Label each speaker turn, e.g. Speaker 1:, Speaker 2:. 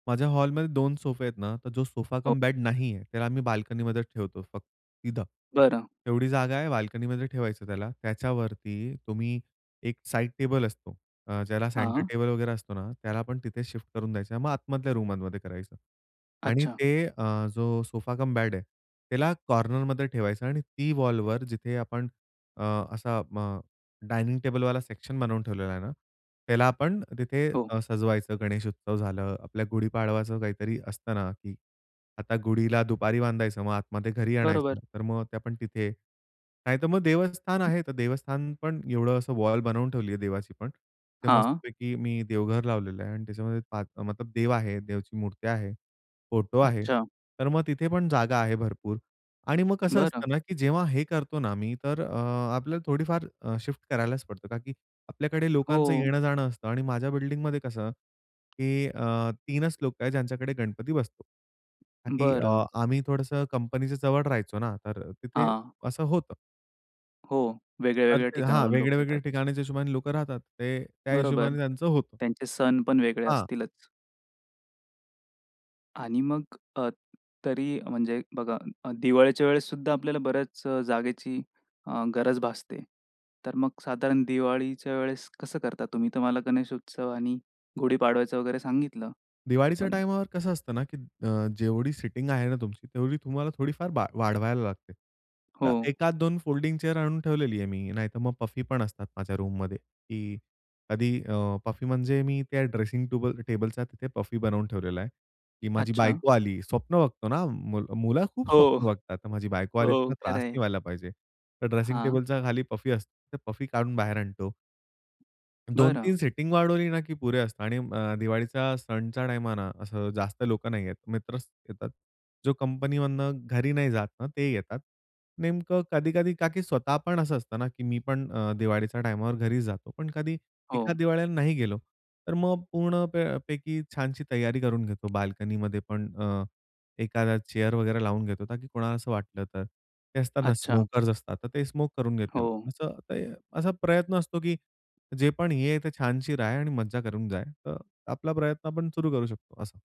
Speaker 1: माझ्या हॉलमध्ये 2 सोफे आहेत ना, तर जो सोफा
Speaker 2: ओके.
Speaker 1: कम बेड नाहीये, त्याला आम्ही बाल्कनीमध्ये ठेवतो फक्त तिथं.
Speaker 2: बरं.
Speaker 1: एवढी जागा आहे बाल्कनीमध्ये ठेवायचं त्याला, त्याच्यावरती तुम्ही एक साइड टेबल असतो, अ, ज्याला सेंटर
Speaker 2: हां.
Speaker 1: टेबल वगैरे असतो ना त्याला आपण तिथे शिफ्ट करून द्यायचं, मग आतमधल्या रूममध्ये करायचं. आणि
Speaker 2: अच्छा.
Speaker 1: ते अ, जो सोफा कम बेड आहे, त्याला कॉर्नरमध्ये ठेवायचं आणि ती वॉलवर जिथे आपण अ, असा अ, डायनिंग टेबलवाला सेक्शन बनवून ठेवलेला आहे ना, त्याला आपण तिथे
Speaker 2: हो.
Speaker 1: अ, सजवायचं. गणेश उत्सव झालं, आपल्या गुढीपाडवाचं काहीतरी असतं ना की आता गुढीला दुपारी बांधायचं मग आतमध्ये घरी
Speaker 2: बरोबर.
Speaker 1: आणायचं, तर मग आपण तिथे. नाहीतर मग देवस्थान आहे, तर देवस्थान पण एवढं असं वॉल बनवून ठेवली आहे देवाची पण. ते
Speaker 2: हां.
Speaker 1: मस्तपैकी मी देवघर लावलेलं आहे आणि त्याच्यामध्ये आत मतलब देव आहे, देवची मुरत्या आहे, फोटो आहे.
Speaker 2: अच्छा.
Speaker 1: तर मग तिथे पण जागा आहे भरपूर आणि मग कसं
Speaker 2: बरं.
Speaker 1: असतं ना, की जेव्हा हे करतो ना मी तर अ, आपल्याला थोडीफार अ, शिफ्ट करायलाच पडतं, का की आपल्याकडे लोकांचं
Speaker 2: हो.
Speaker 1: येणं-जाणं असतं आणि माझ्या बिल्डिंगमध्ये कसं की अ, 3च लोक आहेत ज्यांच्याकडे गणपती बसतो. ताकी
Speaker 2: बरं.
Speaker 1: आम्ही थोडंसं कंपनीच्या जवळ राहायचो ना तर तिथे
Speaker 2: हां.
Speaker 1: असं होतं.
Speaker 2: हो.
Speaker 1: तर
Speaker 2: वेगळ्या-वेगळ्या
Speaker 1: ते हां
Speaker 2: ठिकाणावरून लोक
Speaker 1: वेगळ्या-वेगळ्या
Speaker 2: येतात.
Speaker 1: ठिकाणीच्या हिशोबाने लोकं राहतात. ते त्या
Speaker 2: बरोबर.
Speaker 1: हिशोबाने त्यांचं होतं.
Speaker 2: त्यांचे सण पण वेगळे
Speaker 1: हां.
Speaker 2: असतीलच. आणि मग अ, तरी म्हणजे बघा अ, दिवाळीच्या वेळेस सुद्धा आपल्याला बऱ्याच अ, जागेची अ, गरज भासते. तर मग साधारण दिवाळीच्या वेळेस कसं करता तुम्ही? तर मला गणेश उत्सव आणि गुढी पाडवायचं वगैरे सांगितलं.
Speaker 1: दिवाळीच्या
Speaker 2: पण
Speaker 1: टाईमवर कसं असतं ना, की अ, जेवढी सिटिंग आहे ना तुमची, तेवढी तुम्हाला थोडीफार बा वाढवायला लागते. तर
Speaker 2: हो.
Speaker 1: एखाद 2 फोल्डिंग चेअर आणून ठेवलेली आहे मी, नाहीतर मग पफी पण असतात माझ्या रूममध्ये, की कधी अ, पफी म्हणजे मी त्या ड्रेसिंग टूबल अ, टेबलचा तिथे पफी बनवून ठेवलेला आहे की माझी
Speaker 2: अच्छा.
Speaker 1: बायको आली स्वप्न बघतो ना, मुलं खूप
Speaker 2: हो.
Speaker 1: स्वप्न बघतात. तर माझी बायको आली,
Speaker 2: हो,
Speaker 1: तिला
Speaker 2: खरं
Speaker 1: त्रास नाही
Speaker 2: आहे.
Speaker 1: व्हायला पाहिजे. तर ड्रेसिंग
Speaker 2: हां.
Speaker 1: टेबलच्या खाली पफी असते, तर पफी काढून बाहेर आणतो. दोन
Speaker 2: बरं.
Speaker 1: तीन सेटिंग वाढवली ना की पुरे असतं आणि अ, दिवाळीचा सणच्या टाईमला ना असं जास्त लोकं नाही येत. मित्रच येतात. जो कंपनीमधनं घरी नाही जात ना, ते येतात. नेमकं कधी-कधी का की स्वतः पण असं असतं ना की मी पण अ, दिवाळीच्या टाईमवर घरीच जातो. पण कधी
Speaker 2: हो.
Speaker 1: एखाद दिवाळीला नाही गेलो, तर मग पूर्ण प पैकी छानशी तैय्यारी करून घेतो. बाल्कनीमध्ये पण अ, एखादा चेअर वगैरे लावून घेतो, ताकी कोणाला असं वाटलं तर. ते असतात ना
Speaker 2: अच्छा.
Speaker 1: स्मोकर्स असतात, तर ते स्मोक करून घेतील.
Speaker 2: हो.
Speaker 1: असं ते असा प्रयत्न असतो, की जे पण हे आहे तर छानशी राय आणि मज्जा करून जाय. तर आपला प्रयत्न आपण सुरू करू शकतो असं.